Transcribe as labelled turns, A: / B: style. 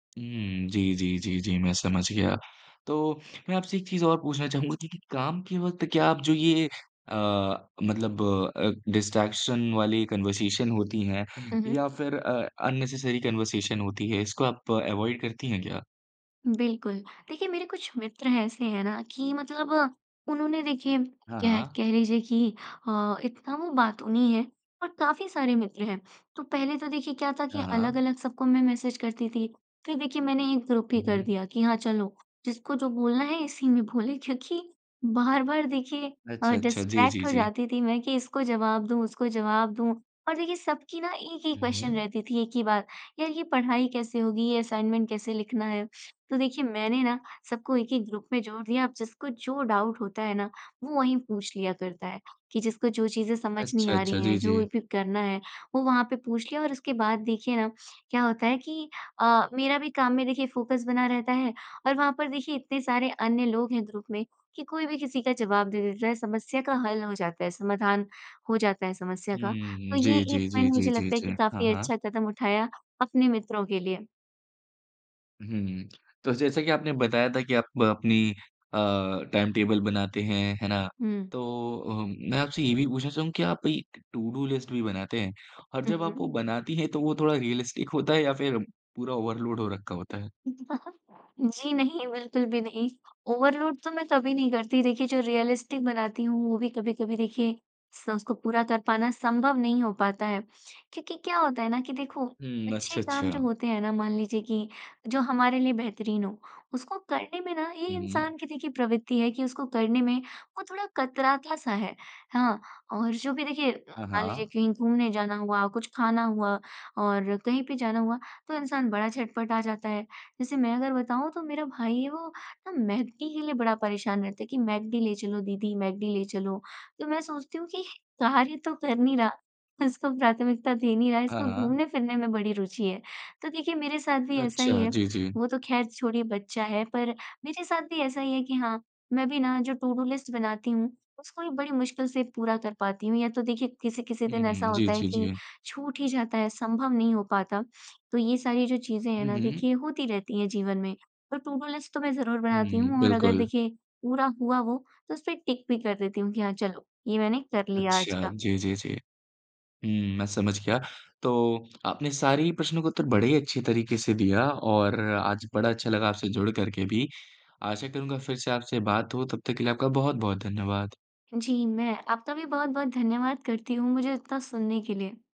A: हुँ, जी, जी, जी, जी मैं समझ गया। तो मैं आपसे एक चीज़ और पूछना चाहूँगा कि कि काम के वक़्त क्या आप जो ये अ, मतलब अ, डिस्ट्रैक्शन वाली कन्वर्सेशन होती है,
B: हुँ, हुँ।
A: या फिर अ, अननेसेसरी कन्वर्सेशन होती है, इसको आप अवॉइड करती हैं क्या?
B: बिल्कुल। देखिए मेरे कुछ मित्र ऐसे हैं ना कि मतलब उन्होंने देखिए
A: हाँ,
B: कह
A: हाँ।
B: कह लीजिए कि अ, इतना वो बातूनी है और काफ़ी सारे मित्र हैं। तो पहले तो देखिए क्या था कि
A: हाँ, हाँ।
B: अलग-अलग सबको मैं मैसेज करती थी। फिर देखिए मैंने एक ग्रुप ही
A: हुँ,
B: कर
A: हुँ।
B: दिया कि हाँ चलो, जिसको जो बोलना है इसी में बोले क्योंकि बार-बार देखिए अ,
A: अच्छा, अच्छा। जी,
B: डिस्ट्रैक्ट
A: जी,
B: हो
A: जी।
B: जाती थी मैं कि इसको जवाब दूँ, उसको जवाब दूँ और देखिए सबकी ना एक ही
A: हुँ,
B: क्वेश्चन
A: हुँ।
B: रहती थी, एक ही बात। यार ये पढ़ाई कैसे होगी? ये असाइनमेंट कैसे लिखना है? तो देखिए मैंने ना सबको एक-एक ग्रुप में जोड़ दिया अब जिसको जो डाउट होता है ना वो वहीं पूछ लिया करता है। कि जिसको जो चीज़ें समझ नहीं
A: अच्छा,
B: आ
A: अच्छा।
B: रही हैं,
A: जी,
B: जो
A: जी।
B: भी करना है, वो वहाँ पे पूछ लिया और उसके बाद देखिए ना क्या होता है कि अ, मेरा भी काम में देखिए फोकस बना रहता है और वहाँ पर देखिए इतने सारे अन्य लोग हैं ग्रुप में कि कोई भी किसी का जवाब दे देता है समस्या का हल हो जाता है, समाधान हो जाता है समस्या
A: हुँ,
B: का।
A: हुँ।
B: तो ये
A: जी,
B: एक
A: जी, जी,
B: पॉइंट
A: जी,
B: मुझे
A: जी,
B: लगता है कि
A: जी। हाँ,
B: काफ़ी
A: हाँ।
B: अच्छा कदम उठाया अपने मित्रों के लिए।
A: हुँ। तो जैसा कि आपने बताया था कि आप अपनी अ, टाइम टेबल बनाते हैं, है ना।
B: हुँ।
A: तो अ, मैं आपसे ये भी पूछना चाहूँगा क्या आप एक टुडू लिस्ट भी बनाते हैं? और
B: हुँ,
A: जब आप वो
B: हुँ।
A: बनाती हैं तो वो थोड़ा रियलिस्टिक होता है या फिर पूरा ओवरलोड हो रखा होता है?
B: जी नहीं, बिल्कुल भी नहीं। ओवरलोड तो मैं कभी नहीं करती। देखिए जो रियलिस्टिक बनाती हूँ वो भी कभी-कभी देखिए स उसको पूरा कर पाना संभव नहीं हो पाता है। क्योंकि क्या होता है ना कि देखो
A: हुँ,
B: अच्छे
A: अच्छा,
B: काम जो
A: अच्छा।
B: होते हैं ना मान लीजिए कि जो हमारे लिए बेहतरीन हो उसको करने में ना ये
A: हुँ, हुँ।
B: इंसान की देखिए प्रवृत्ति है कि उसको करने में वो थोड़ा कतराता-सा है, हाँ। और जो भी देखिए
A: हाँ,
B: मान लीजिए
A: हाँ।
B: कहीं घूमने जाना हुआ, कुछ खाना हुआ और कहीं पे जाना हुआ तो इंसान बड़ा झटपटा जाता है। जैसे मैं अगर बताऊँ तो मेरा भाई है वो ना मैक डी के लिए बड़ा परेशान रहता है, कि, "मैक डी ले चलो दीदी, मैक डी ले चलो।" तो मैं सोचती हूँ कि कार्य तो कर नहीं रहा, इसको प्राथमिकता दे नहीं रहा है,
A: हाँ,
B: इसको
A: हाँ।
B: घूमने फिरने में बड़ी रुचि है। तो देखिए मेरे साथ भी ऐसा ही
A: अच्छा,
B: है।
A: जी, जी।
B: वो तो ख़ैर छोड़िए बच्चा है पर मेरे साथ भी ऐसा ही है कि हाँ, मैं भी ना जो टुडू लिस्ट बनाती हूँ उसको भी बड़ी मुश्किल से पूरा कर पाती हूँ। या तो देखिए किसी-किसी
A: हुँ,
B: दिन ऐसा
A: हुँ। जी,
B: होता है
A: जी,
B: कि
A: जी।
B: छूट ही जाता है संभव नहीं हो पाता। तो ये सारी जो चीज़ें हैं
A: हुँ,
B: ना
A: हुँ।
B: देखिए होती रहती हैं जीवन में। पर टुडू लिस्ट तो मैं ज़रूर बनाती
A: हुँ।
B: हूँ और अगर
A: बिल्कुल।
B: देखिए पूरा हुआ वो तो उसपे टिक भी कर देती हूँ कि हाँ चलो ये मैंने कर लिया आज
A: अच्छा,
B: का।
A: जी, जी, जी। हुँ, मैं समझ गया। तो आपने सारे ही प्रश्नों के उत्तर बड़े ही अच्छे तरीके से दिया और आज बड़ा अच्छा लगा आपसे जुड़ करके भी। आशा करूँगा फिर से आपसे बात हो तब तक के लिए आपका बहुत-बहुत धन्यवाद।
B: जी, मैं आपका भी बहुत-बहुत धन्यवाद करती हूँ मुझे इतना सुनने के लिए।